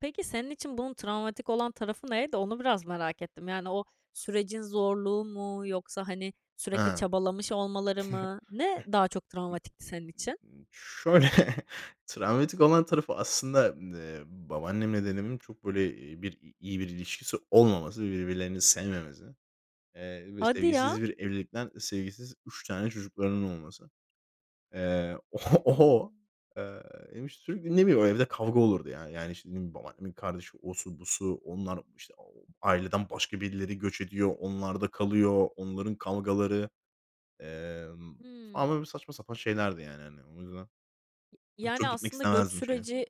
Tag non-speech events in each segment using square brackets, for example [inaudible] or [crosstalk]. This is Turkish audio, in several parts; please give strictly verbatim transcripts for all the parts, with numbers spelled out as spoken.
Peki senin için bunun travmatik olan tarafı neydi? Onu biraz merak ettim. Yani o sürecin zorluğu mu yoksa, hani, Hee, sürekli [chuckles] çabalamış olmaları mı? Ne daha çok travmatikti senin için? [unintelligible] şöyle, [chuckles] travmatik olan tarafı aslında, eee, babaannemle dedemin çok böyle bir i iyi bir ilişkisi olmaması, birbirlerini sevmemesi, eee, ve Hadi ya! sevgisiz bir evlilikten, sevgisiz üç tane çocuklarının olması. Eee, o o, Hımm. eee, [unintelligible] sürekli, ne bileyim, evde kavga olurdu yani. Yani şimdi babaannemin kardeşi, osu busu, onlar, işte, aileden başka birileri göç ediyor, onlarda kalıyor, onların kavgaları, emm, ama Hımm. böyle, saçma sapan şeylerdi yani hani. O yüzden Y yani çok gitmek aslında göç istemezdim şeye. süreci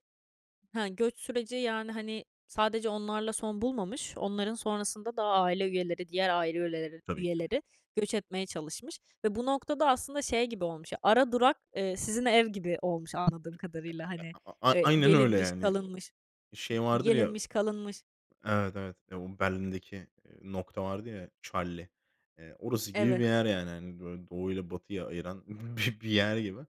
he, göç süreci, yani, hani, sadece onlarla son bulmamış, onların sonrasında da aile üyeleri, diğer aile üyeler Tabii, tabii. üyeleri göç etmeye çalışmış ve bu noktada aslında şey gibi olmuş, ara durak, eee, sizin ev gibi olmuş anladığım kadarıyla, hani, [unintelligible] A eee, aynen öyle gelinmiş, yani. kalınmış Şey vardır ya. gelinmiş kalınmış. Evet, evet, eee, o Berlin’deki, eee, nokta vardı ya, Charlie, eee, orası gibi bir Evet. yer yani. Hani böyle doğu ile batıya ayıran bi bir yer gibi,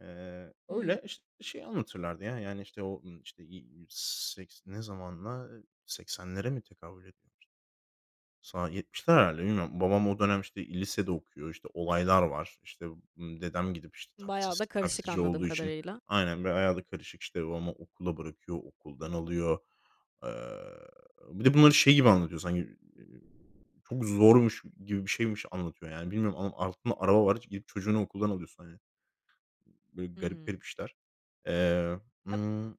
eee, Hımm. öyle iş şey anlatırlardı ya, yani, işte, o, [unintelligible] işte, seks ne zamana seksenlere mi tekabül ediy Sa yetmişler herhâlde. Bilmiyorum. Babam o dönem işte i lisede okuyor. İşte, olaylar var. İşte, ımm, dedem gidip işte Bayağı taksisi da karışık taksici anladığım olduğu için, kadarıyla. aynen, böyle bayağı da karışık. İşte, babamı okula bırakıyor. Okuldan alıyor. Eee, bir de bunları şey gibi anlatıyor sanki, eee, çok zormuş gibi bir şeymiş anlatıyor, yani, bilmiyorum ama altında araba var; gidip çocuğunu okuldan alıyorsun hani. Böyle garip garip Hımm. işler. Eee, [unintelligible] ımm,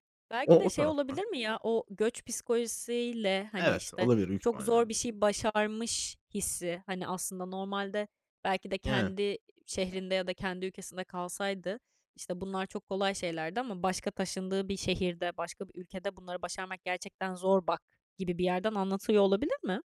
o Belki de o şey taraf olabilir var. mi ya? O göç psikolojisi ile, hani, Evet, işte, olabilir, büyük çok zor ihtimalle. bir şey başarmış hissi. Hani aslında normalde belki de Yani. kendi şehrinde ya da kendi ülkesinde kalsaydı, işte, bunlar çok kolay şeylerdi ama başka taşındığı bir şehirde, başka bir ülkede "Bunları başarmak gerçekten zor, bak." gibi bir yerden anlatılıyor olabilir mi?